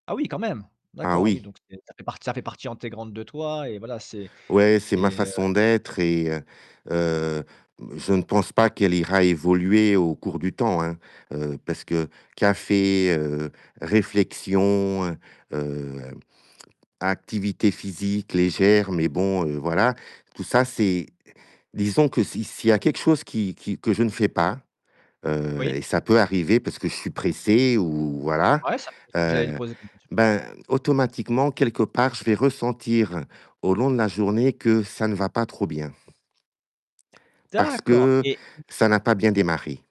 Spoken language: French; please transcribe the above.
Ah oui, quand même. Ah D'accord, oui, oui. donc ça fait ça fait part ça fait partie intégrante de toi et voilà, c'est Ouais, c'est ma et heu façon d'être et heu, heu, mmh, je pense pas qu'elle ira évoluer au cours du temps, hein, heu, parce que café, heu, réflexion, heu heu, activité physique légère, mais bon, heu, voilà, tout ça c'est disons que si s'il y a quelque chose qui qui que je ne fais pas, heu Oui. et ça peut arriver parce que je suis pressé ou, voilà, Ouais, ça fait j'allais le heu, poser comme question. ben, automatiquement, quelque part, je vais ressentir au long de la journée que ça ne va pas trop bien. Parce D'accord que et ça n'a pas bien démarré.